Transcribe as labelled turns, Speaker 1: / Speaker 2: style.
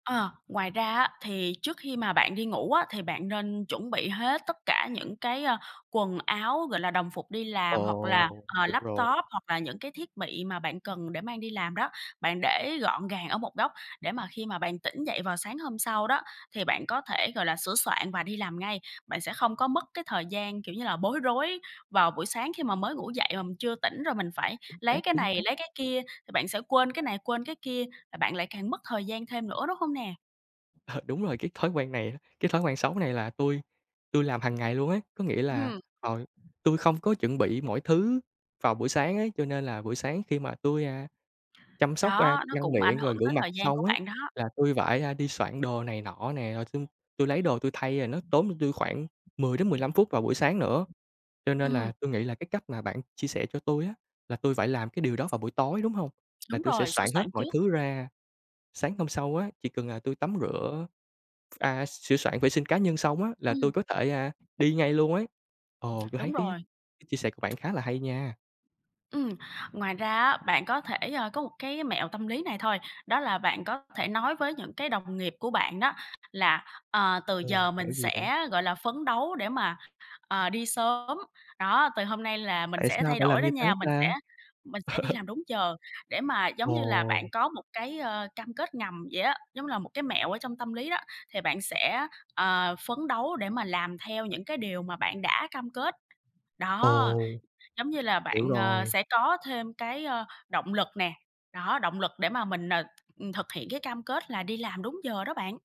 Speaker 1: Ờ, ngoài ra á, thì trước khi mà bạn đi ngủ á, thì bạn nên chuẩn bị hết tất cả những cái, à, quần áo, gọi là, đồng phục đi làm hoặc là,
Speaker 2: Ồ,
Speaker 1: ờ,
Speaker 2: được rồi!
Speaker 1: laptop hoặc là những cái thiết bị mà bạn cần để mang đi làm đó, bạn để gọn gàng ở một góc để mà khi mà bạn tỉnh dậy vào sáng hôm sau đó thì bạn có thể, gọi là, sửa soạn và đi làm ngay. Bạn sẽ không có mất cái thời gian, kiểu như là, bối rối vào buổi sáng khi mà mới ngủ dậy mà mình chưa tỉnh rồi mình phải
Speaker 2: Chính xác,
Speaker 1: lấy cái
Speaker 2: chính
Speaker 1: này,
Speaker 2: xác.
Speaker 1: lấy cái kia, thì bạn sẽ quên cái này, quên cái kia, và bạn lại càng mất thời gian thêm nữa, đúng không nè?
Speaker 2: Ờ, đúng rồi cái thói quen này á, cái thói quen xấu này là tui tui làm hằng ngày luôn ấy. Có nghĩa
Speaker 1: Ừ
Speaker 2: là,
Speaker 1: hừm.
Speaker 2: ờ, tui không có chuẩn bị mọi thứ vào buổi sáng ấy, cho nên là buổi sáng khi mà tui, a, chăm sóc, a,
Speaker 1: Đó, nó
Speaker 2: răng
Speaker 1: cũng ảnh
Speaker 2: miệng, rồi
Speaker 1: hưởng
Speaker 2: rửa
Speaker 1: tới
Speaker 2: mặt
Speaker 1: thời gian của
Speaker 2: xong á
Speaker 1: bạn đó.
Speaker 2: là tui phải, a, đi soạn đồ này nọ nè, rồi tui tui lấy đồ tui thay rồi nó tốn cho tôi khoảng 10 đến 15 phút vào buổi sáng nữa. Cho nên
Speaker 1: Ừm.
Speaker 2: là tui nghĩ là cái cách mà bạn chia sẻ cho tui á là tôi phải làm cái điều đó vào buổi tối, đúng hông? Là
Speaker 1: Đúng
Speaker 2: tôi sẽ
Speaker 1: rồi, sửa
Speaker 2: soạn hết
Speaker 1: soạn
Speaker 2: mọi
Speaker 1: trước.
Speaker 2: thứ ra sáng hôm sau á, chỉ cần là tôi tắm rửa, à, sửa soạn vệ sinh cá nhân xong á là
Speaker 1: Ừm.
Speaker 2: tôi có thể, à, đi ngay luôn ấy. Ồ, tôi thấy
Speaker 1: Đúng
Speaker 2: cái
Speaker 1: rồi.
Speaker 2: cái chia sẻ của bạn khá là hay nha!
Speaker 1: Ừm, ngoài ra á, bạn có thể, ờ, có một cái mẹo tâm lý này thôi, đó là bạn có thể nói với những cái đồng nghiệp của bạn đó là: "Ờ, từ
Speaker 2: Ồ,
Speaker 1: giờ
Speaker 2: mẹo
Speaker 1: mình
Speaker 2: gì bạn?
Speaker 1: sẽ, gọi là, phấn đấu để mà, ờ, đi sớm. Đó, từ hôm nay là mình
Speaker 2: Tại
Speaker 1: sẽ
Speaker 2: sao
Speaker 1: thay
Speaker 2: phải làm
Speaker 1: đổi đó
Speaker 2: như thế
Speaker 1: nha, mình sẽ
Speaker 2: ta?
Speaker 1: mình sẽ đi làm đúng giờ." để mà giống như là bạn
Speaker 2: Ồ!
Speaker 1: có một cái, ờ, cam kết ngầm vậy á, giống như là một cái mẹo ở trong tâm lý đó, thì bạn sẽ, ờ, phấn đấu để mà làm theo những cái điều mà bạn đã cam kết. Đó,
Speaker 2: Ồ.
Speaker 1: giống như là
Speaker 2: Hiểu
Speaker 1: bạn, ờ,
Speaker 2: rồi.
Speaker 1: sẽ có thêm cái, ờ, động lực nè, đó, động lực để mà mình, ờ, th thực hiện cái cam kết là đi làm đúng giờ đó bạn.